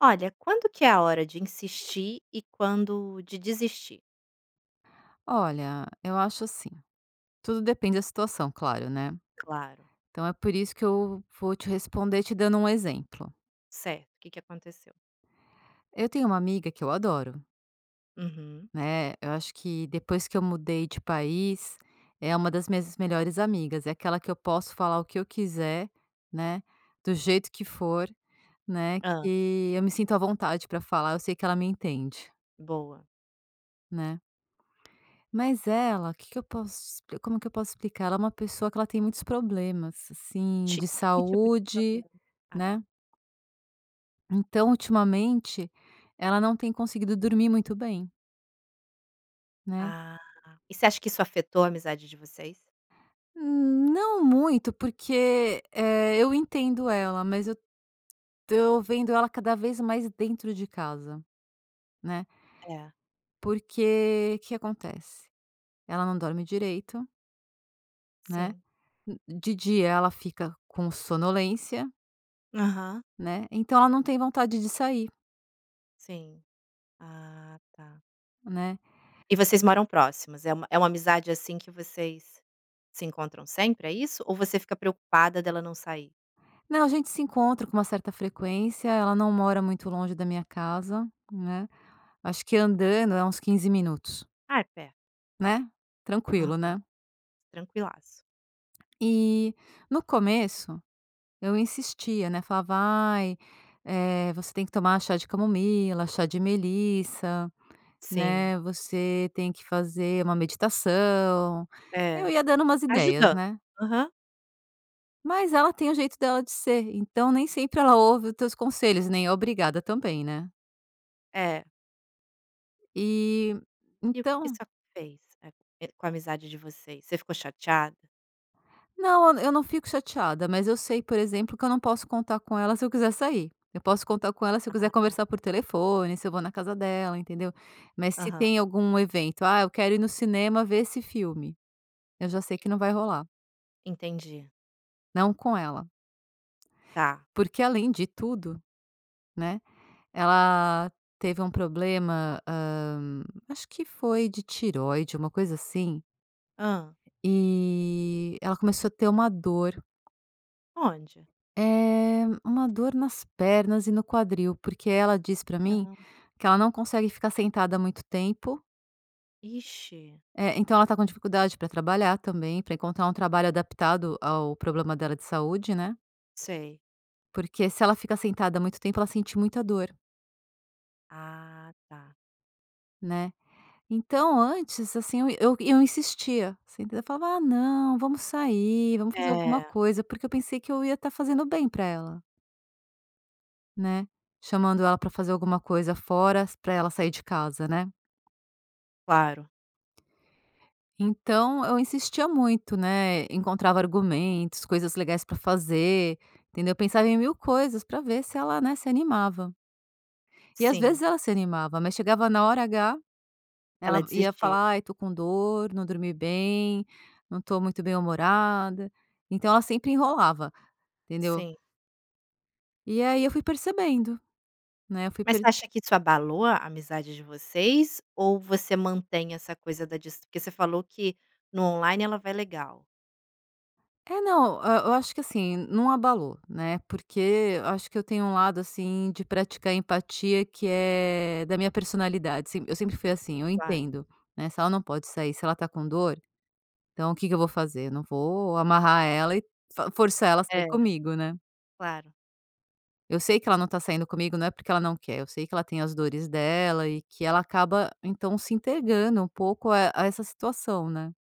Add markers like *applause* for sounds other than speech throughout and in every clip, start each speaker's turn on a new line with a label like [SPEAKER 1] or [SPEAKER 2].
[SPEAKER 1] Olha, quando que é a hora de insistir e quando de desistir?
[SPEAKER 2] Olha, eu acho assim, tudo depende da situação, claro, né.
[SPEAKER 1] Claro.
[SPEAKER 2] Então, é por isso que eu vou te responder, te dando um exemplo.
[SPEAKER 1] Certo, o que que aconteceu?
[SPEAKER 2] Eu tenho uma amiga que eu adoro.
[SPEAKER 1] Uhum.
[SPEAKER 2] Né. Eu acho que depois que eu mudei de país, é uma das minhas melhores amigas. É aquela que eu posso falar o que eu quiser, né, do jeito que for, né,
[SPEAKER 1] Hã.
[SPEAKER 2] que eu me sinto à vontade pra falar eu sei que ela me entende.
[SPEAKER 1] Boa.
[SPEAKER 2] Né? Mas, ela que que eu posso te como que eu posso explicar? Ela é uma pessoa que ela tem muitos problemas, assim,
[SPEAKER 1] Ti
[SPEAKER 2] de
[SPEAKER 1] que tipo de
[SPEAKER 2] saúde,
[SPEAKER 1] problema, ah tá.
[SPEAKER 2] né? Então, ultimamente ela não tem conseguido dormir muito bem. Né?
[SPEAKER 1] Ah. E você acha que isso afetou a amizade de vocês?
[SPEAKER 2] Hum, não muito porque, eh, eu entendo ela. Mas eu tô vendo ela cada vez mais dentro de casa, né?
[SPEAKER 1] É.
[SPEAKER 2] Porque que acontece? Ela não dorme direito Né.
[SPEAKER 1] Sim.
[SPEAKER 2] Hum, de dia ela fica com sonolência.
[SPEAKER 1] Aham.
[SPEAKER 2] Né, então ela não tem vontade de sair.
[SPEAKER 1] Sim. Ah, tá.
[SPEAKER 2] Né.
[SPEAKER 1] E vocês moram próximas? É uma é uma amizade, assim, que vocês se encontram sempre, é isso? Ou você fica preocupada dela não sair?
[SPEAKER 2] Não, a gente se encontra com uma certa frequência, ela não mora muito longe da minha casa, né. Acho que andando é uns 15 minutos.
[SPEAKER 1] Ah, é perto.
[SPEAKER 2] Né?
[SPEAKER 1] Aham.
[SPEAKER 2] Tranquilo, né.
[SPEAKER 1] Tranquilaço.
[SPEAKER 2] E no começo eu insistia, né? Falava: “Ai, eh, você tem que tomar chá de camomila, chá de melissa,
[SPEAKER 1] Sim.
[SPEAKER 2] né. Você tem que fazer uma meditação”. Eu
[SPEAKER 1] É.
[SPEAKER 2] ia dando umas ideias,
[SPEAKER 1] Ajudando.
[SPEAKER 2] né.
[SPEAKER 1] Aham.
[SPEAKER 2] Mas ela tem o jeito dela de ser, então nem sempre ela ouve os teus conselhos, nem é obrigada também, né?
[SPEAKER 1] É.
[SPEAKER 2] E,
[SPEAKER 1] E o que que
[SPEAKER 2] então
[SPEAKER 1] *unintelligible* fez, eh, c com a amizade de vocês? Você ficou chateada?
[SPEAKER 2] Não, eu não fico chateada, mas eu sei por exemplo, que eu não posso contar com ela se eu quiser sair, eu posso contar com ela se eu quiser conversar
[SPEAKER 1] Ah.
[SPEAKER 2] por telefone, se eu vou na casa dela, entendeu? Mas se
[SPEAKER 1] Aham.
[SPEAKER 2] tem algum evento, "ah, eu quero ir no cinema ver esse filme," eu já sei que não vai rolar.
[SPEAKER 1] Entendi.
[SPEAKER 2] Não com ela.
[SPEAKER 1] Tá.
[SPEAKER 2] Porque além de tudo, né, ela teve um problema, hã, acho que foi de tireoide, uma coisa assim
[SPEAKER 1] Hã?
[SPEAKER 2] e, ela começou ter uma dor.
[SPEAKER 1] Onde?
[SPEAKER 2] Eh, uma dor nas pernas e no quadril, porque ela disse pra mim
[SPEAKER 1] *unintelligible*
[SPEAKER 2] que ela não consegue ficar sentada muito tempo
[SPEAKER 1] Ixi.
[SPEAKER 2] É, então ela está com dificuldade pra trabalhar também, pra encontrar um trabalho adaptado ao problema dela de saúde, né?
[SPEAKER 1] Sei.
[SPEAKER 2] Porque, se ela fica sentada muito tempo ela sente muita dor.
[SPEAKER 1] Ah, tá.
[SPEAKER 2] Né? Então, antes assim, eu eu eu insistia, se entend Eu falava: "Ah não, vamos sair, vamos fazer alguma
[SPEAKER 1] É.
[SPEAKER 2] coisa", porque eu pensei que eu ia tá fazendo o bem pra ela. Né? Chamando ela pra fazer alguma coisa fora, pra ela sair de casa, né?
[SPEAKER 1] Claro.
[SPEAKER 2] Então, eu insistia muito, né. Encontrava argumentos, coisas legais pra fazer, entendeu? Pensava em 1000 coisas pra ver se ela, né, se animava. E às
[SPEAKER 1] Sim.
[SPEAKER 2] vezes ela se animava, mas chegava na hora H,
[SPEAKER 1] Ela
[SPEAKER 2] ela ia
[SPEAKER 1] desistia.
[SPEAKER 2] falar: "Ai, tô com dor, não dormi bem, não tô muito bem-humorada". Então ela sempre enrolava, entendeu?
[SPEAKER 1] Sim.
[SPEAKER 2] E aí eu fui percebendo, né? Eu fui
[SPEAKER 1] Mas você
[SPEAKER 2] perce
[SPEAKER 1] acha que isso abalou a amizade de vocês? Ou você mantém essa coisa da dis porque você falou que no on-line ela vai legal?
[SPEAKER 2] É, não, hã, eu acho que, assim, não abalou, né, porque eu acho que eu tenho lado assim de praticar empatia que é da minha personalidade se eu sempre fui assim, eu
[SPEAKER 1] Claro.
[SPEAKER 2] entendo, né. Se ela não pode sair, se ela tá com dor, então o que que eu vou fazer? Eu não vou amarrar ela e f forçar ela a sair
[SPEAKER 1] É.
[SPEAKER 2] comigo, né?
[SPEAKER 1] Claro.
[SPEAKER 2] Eu sei que ela não tá saindo comigo não é porque ela não quer, eu sei que ela tem as dores dela e que ela acaba então se entegando um pouco a a essa situação, né?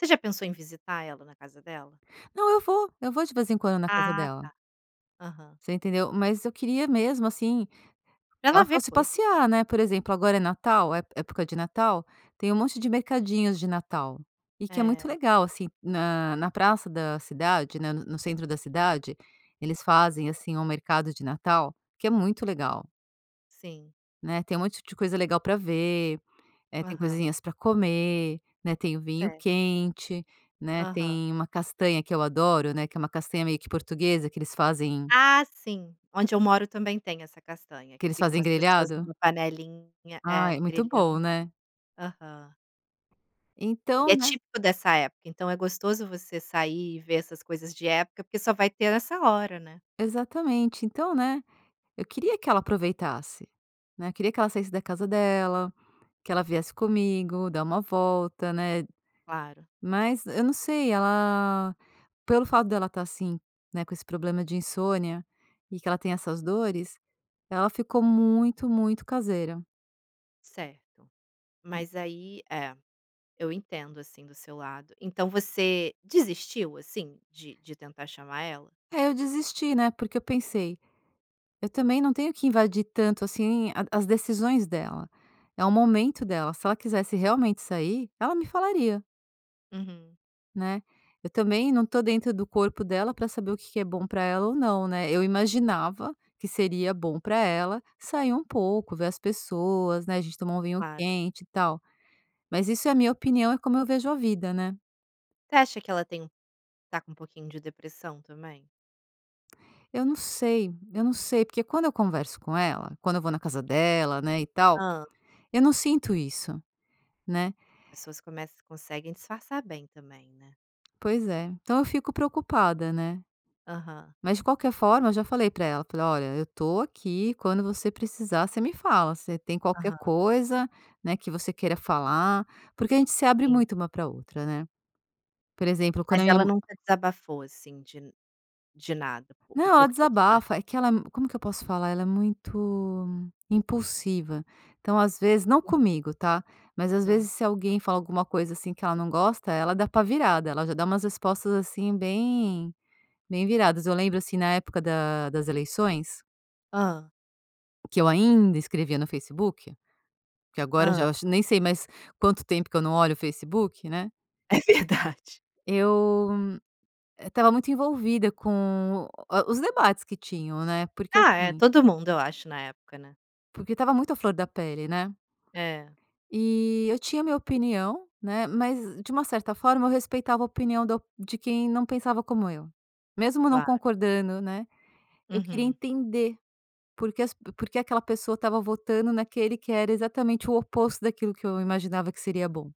[SPEAKER 1] Você já pensou em visitar ela na casa dela?
[SPEAKER 2] Não, eu vou, eu vou de vez em quando na casa
[SPEAKER 1] Ah, tá.
[SPEAKER 2] dela.
[SPEAKER 1] Aham.
[SPEAKER 2] Você entendeu? Mas eu queria mesmo, assim, que
[SPEAKER 1] Pra
[SPEAKER 2] ela
[SPEAKER 1] ela ver
[SPEAKER 2] fosse
[SPEAKER 1] coisa.
[SPEAKER 2] passear, né. Por exemplo, agora é Natal, ép época de Natal, tem um monte de mercadinhos de Natal e que é muito
[SPEAKER 1] É.
[SPEAKER 2] legal, assim, na na praça da cidade, né, no centro da cidade. Eles fazem, assim, um mercado de Natal que é muito legal.
[SPEAKER 1] Sim.
[SPEAKER 2] Né, tem um monte de coisa legal para ver, eh, tem
[SPEAKER 1] Aham.
[SPEAKER 2] coisinhas para comer, né, tem o vinho
[SPEAKER 1] Certo.
[SPEAKER 2] quente, né,
[SPEAKER 1] Aham.
[SPEAKER 2] tem uma castanha que eu adoro, né, que é uma castanha meio que portuguesa que eles fazem
[SPEAKER 1] Ah, sim. Onde eu moro também tem essa castanha,
[SPEAKER 2] que
[SPEAKER 1] que
[SPEAKER 2] eles
[SPEAKER 1] ficam
[SPEAKER 2] fazem
[SPEAKER 1] umas pessoas
[SPEAKER 2] grelhado.
[SPEAKER 1] numa panelinha, é,
[SPEAKER 2] Ai, muito bom,
[SPEAKER 1] grelhando.
[SPEAKER 2] né?
[SPEAKER 1] Aham. E
[SPEAKER 2] Então,
[SPEAKER 1] é
[SPEAKER 2] né.
[SPEAKER 1] típico dessa época, então é gostoso você sair e ver essas coisas de época, porque só vai ter nessa hora, né.
[SPEAKER 2] Exatamente. Então, né, eu queria que ela aproveitasse, né. Eu queria que ela saísse da casa dela, que ela viesse comigo, dar uma volta, né.
[SPEAKER 1] Claro.
[SPEAKER 2] Mas eu não sei, ela pelo fato dela tá assim, né, com esse problema de insônia e que ela tem essas dores, ela ficou muito muito caseira.
[SPEAKER 1] Certo,
[SPEAKER 2] Na
[SPEAKER 1] mas aí é, eu entendo assim do seu lado. Então você desistiu, assim, de de tentar chamar ela?
[SPEAKER 2] É eu desisti, né? Porque eu pensei: "Eu também não tenho que invadir tanto assim a as decisões dela." É o momento dela. Se ela quisesse realmente sair, ela me falaria.
[SPEAKER 1] Uhum.
[SPEAKER 2] Né. Eu também não tô dentro do corpo dela para saber o que que é bom para ela ou não, né. Eu imaginava que seria bom para ela sair um pouco, ver as pessoas, né. A gente tomar um vinho
[SPEAKER 1] Claro.
[SPEAKER 2] quente, e tal. Mas isso é a minha opinião, é como eu vejo a vida, né.
[SPEAKER 1] Você acha que ela tem um tá com pouquinho de depressão também?
[SPEAKER 2] Eu não sei. Eu não sei, porque quando eu converso com ela, quando eu vou na casa dela, né, e tal,
[SPEAKER 1] Hã.
[SPEAKER 2] eu não sinto isso, né.
[SPEAKER 1] Pessoas começam conseguem disfarçar bem também, né.
[SPEAKER 2] Pois é. Então eu fico preocupada, né.
[SPEAKER 1] Aham.
[SPEAKER 2] Mas, de qualquer forma, eu já falei para ela, falei: “Olha, eu tô aqui. Quando você precisar, você me fala. Você tem qualquer
[SPEAKER 1] Aham.
[SPEAKER 2] coisa, né, que você queira falar.” Porque a gente se abre
[SPEAKER 1] Sim.
[SPEAKER 2] muito uma para a outra, né. Por exemplo, quando a
[SPEAKER 1] Mas
[SPEAKER 2] minha
[SPEAKER 1] ela
[SPEAKER 2] ma
[SPEAKER 1] nunca desabafou assim de de nada? O
[SPEAKER 2] Não,
[SPEAKER 1] o
[SPEAKER 2] ela
[SPEAKER 1] porquê que ela
[SPEAKER 2] desabafa. É que ela, como que eu posso falar, ela é muito impulsiva. Então, às vezes, não comigo, tá? Mas, às
[SPEAKER 1] Aham.
[SPEAKER 2] vezes, se alguém fala alguma coisa assim que ela não gosta, ela é dá pá virada, ela já dá umas respostas assim bem, bem viradas. Eu lembro, assim, na época da das eleições…
[SPEAKER 1] Hã?
[SPEAKER 2] que eu ainda escrevia no Facebook. Porque agora eu
[SPEAKER 1] Hã?
[SPEAKER 2] já nem sei mais quanto tempo que eu não olho o Facebook, né.
[SPEAKER 1] É verdade.
[SPEAKER 2] Eu eh estava muito envolvida com o os debates que tinham, né, porque
[SPEAKER 1] Ah é,
[SPEAKER 2] assim
[SPEAKER 1] todo mundo eu acho, na época, né.
[SPEAKER 2] Porque estava muito à flor da pele, né?
[SPEAKER 1] É.
[SPEAKER 2] E, eu tinha a minha opinião, né, mas de uma certa forma eu respeitava a opinião da de quem não pensava como eu. Mesmo não
[SPEAKER 1] Claro.
[SPEAKER 2] concordando, né. Eu queria
[SPEAKER 1] Uhum.
[SPEAKER 2] entender porque as pe porque aquela pessoa estava votando naquele que era exatamente o oposto daquilo que eu imaginava que seria bom.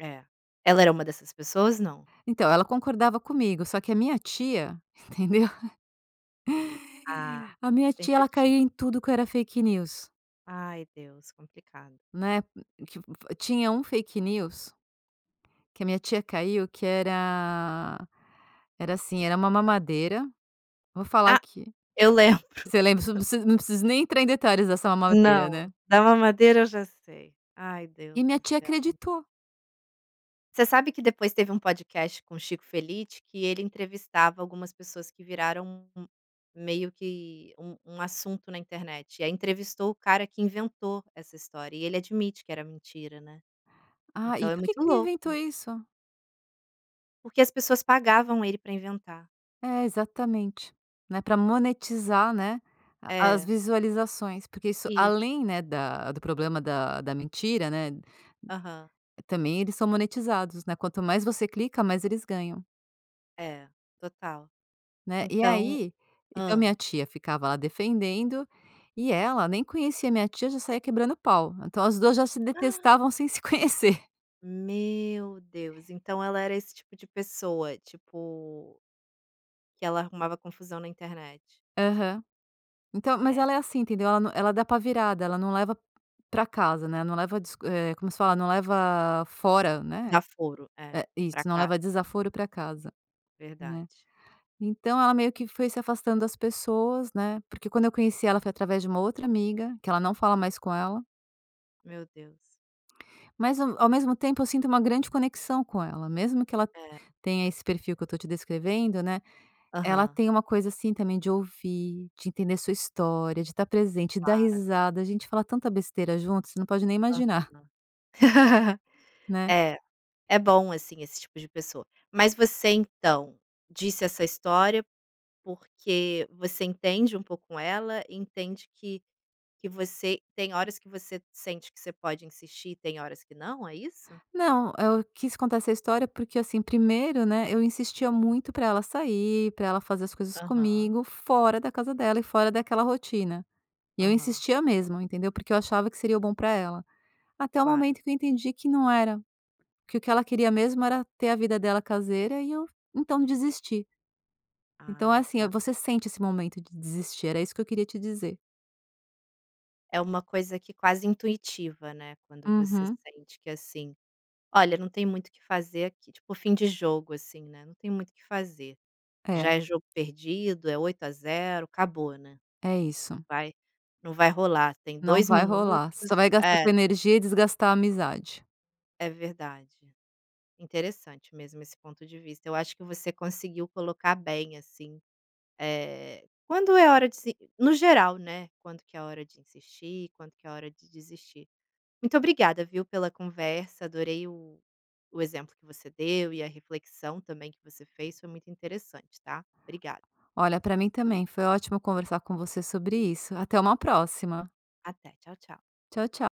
[SPEAKER 1] É. Ela era uma dessas pessoas, não?
[SPEAKER 2] Então, ela concordava comigo, só que a minha tia, entendeu?
[SPEAKER 1] Ah,
[SPEAKER 2] A minha tia
[SPEAKER 1] sempre a
[SPEAKER 2] ela
[SPEAKER 1] ti
[SPEAKER 2] caía em tudo o que era fake news.
[SPEAKER 1] Ai Deus, complicado.
[SPEAKER 2] Né, *unintelligible* tinha um fake news que a minha tia caiu que era era assim, era uma mamadeira, vou falar
[SPEAKER 1] Ah,
[SPEAKER 2] aqui.
[SPEAKER 1] eu lembro.
[SPEAKER 2] Você lembra? Preciso
[SPEAKER 1] *giggles*
[SPEAKER 2] não preciso não preciso nem entrar em detalhes dessa mamadeira, né?
[SPEAKER 1] Não, da mamadeira eu já sei. Ai Deus
[SPEAKER 2] E minha
[SPEAKER 1] do
[SPEAKER 2] tia
[SPEAKER 1] céu.
[SPEAKER 2] acreditou.
[SPEAKER 1] Você sabe que depois teve um podcast com Chico Felitti que ele entrevistava algumas pessoas que viraram um um meio que um um assunto na internet, e aí entrevistou o cara que inventou essa história e ele admite que era mentira, né.
[SPEAKER 2] Ah,
[SPEAKER 1] Então
[SPEAKER 2] e
[SPEAKER 1] é
[SPEAKER 2] porque
[SPEAKER 1] muito
[SPEAKER 2] que ele
[SPEAKER 1] louco.
[SPEAKER 2] inventou isso?
[SPEAKER 1] Porque as pessoas pagavam ele para inventar.
[SPEAKER 2] É, exatamente. Né, pra monetizar, né, a as
[SPEAKER 1] É.
[SPEAKER 2] visualizações, porque isso
[SPEAKER 1] Isso.
[SPEAKER 2] além, né, da do problema da da mentira, né,
[SPEAKER 1] Uhum
[SPEAKER 2] também eles são monetizados, né. Quanto mais você clica, mais eles ganham.
[SPEAKER 1] É, total,
[SPEAKER 2] Né, e
[SPEAKER 1] então
[SPEAKER 2] aí, então, minha
[SPEAKER 1] hã.
[SPEAKER 2] tia ficava lá defendendo, e ela nem conhecia a minha tia, já saía quebrando o pau. Então, as duas já se
[SPEAKER 1] *gasps*
[SPEAKER 2] detestavam sem se conhecer.
[SPEAKER 1] Meu Deus então ela era esse tipo de pessoa? Tipo que ela arrumava confusão na internet.
[SPEAKER 2] Aham, então, mas
[SPEAKER 1] É.
[SPEAKER 2] ela é assim entendeu? Ela nã ela é da pá virada, ela não leva pra casa, né, não leva dis eh, como se fala? Não leva fora, né,
[SPEAKER 1] Desaforo, é,
[SPEAKER 2] é,
[SPEAKER 1] pra
[SPEAKER 2] isso, não
[SPEAKER 1] casa.
[SPEAKER 2] leva desaforo pra casa, né.
[SPEAKER 1] Verdade.
[SPEAKER 2] Então, ela meio que foi se afastando das pessoas, né, porque quando eu conheci ela foi através de uma outra amiga, que ela não fala mais com ela.
[SPEAKER 1] Meu Deus.
[SPEAKER 2] Mas, hum, ao mesmo tempo eu sinto uma grande conexão com ela, mesmo que ela
[SPEAKER 1] É.
[SPEAKER 2] tenha esse perfil que eu tô te descrevendo, né. Ela
[SPEAKER 1] Aham.
[SPEAKER 2] tem uma coisa, assim, também de ouvir, de entender a sua história, de estar presente, de dar
[SPEAKER 1] Claro.
[SPEAKER 2] risada, a gente fala tanta besteira juntas, você não pode nem
[SPEAKER 1] Aham
[SPEAKER 2] imaginar.
[SPEAKER 1] *laughs*
[SPEAKER 2] Né.
[SPEAKER 1] é, é bom, assim, esse tipo de pessoa. Mas você, então, disse essa história, porque você entende um pouco ela? Entende que que você tem horas que você sente que você pode insistir e tem horas que não? É isso?
[SPEAKER 2] Não, eu quis contar essa história, porque, assim, primeiro, né, eu insistia muito pra ela sair pra ela fazer as coisas
[SPEAKER 1] Aham.
[SPEAKER 2] comigo fora da casa dela e fora daquela rotina. E eu
[SPEAKER 1] Aham.
[SPEAKER 2] insistia mesmo, entendeu, porque eu achava que seria o bom pra ela. Até o
[SPEAKER 1] Claro.
[SPEAKER 2] momento que eu entendi que não era, que o que ela queria mesmo era ter a vida dela caseira e eu, então, desisti. Então é
[SPEAKER 1] Ah,
[SPEAKER 2] assim,
[SPEAKER 1] tá.
[SPEAKER 2] você sente esse momento de desistir, era isso que eu queria te dizer.
[SPEAKER 1] É uma coisa que quase intuitiva, né, quando você
[SPEAKER 2] Uhum.
[SPEAKER 1] sente que, assim: "Olha, não tem muito que fazer aqui". Tipo o fim de jogo, assim, né, não tem muito que fazer,
[SPEAKER 2] É
[SPEAKER 1] já é jogo perdido, é 8 a 0, acabou, né,
[SPEAKER 2] É isso.
[SPEAKER 1] vai não vai rolar, tem
[SPEAKER 2] Não
[SPEAKER 1] 2
[SPEAKER 2] vai
[SPEAKER 1] minutos,
[SPEAKER 2] rolar, você só vai gastar
[SPEAKER 1] é.
[SPEAKER 2] tua energia e desgastar a amizade.
[SPEAKER 1] É verdade. Interessante mesmo esse ponto de vista, eu acho que você conseguiu colocar bem, assim, eh, quando é hora de se no geral, né, quando que é hora de insistir, quando que é hora de desistir. Muito obrigada, viu, pela conversa, adorei o o exemplo que você deu, e a reflexão também que você fez foi muito interessante, tá. Obrigada.
[SPEAKER 2] Olha, pra mim também, foi ótimo conversar com você sobre isso. Até uma próxima.
[SPEAKER 1] Até, tchau, tchau.
[SPEAKER 2] Tchau, tchau.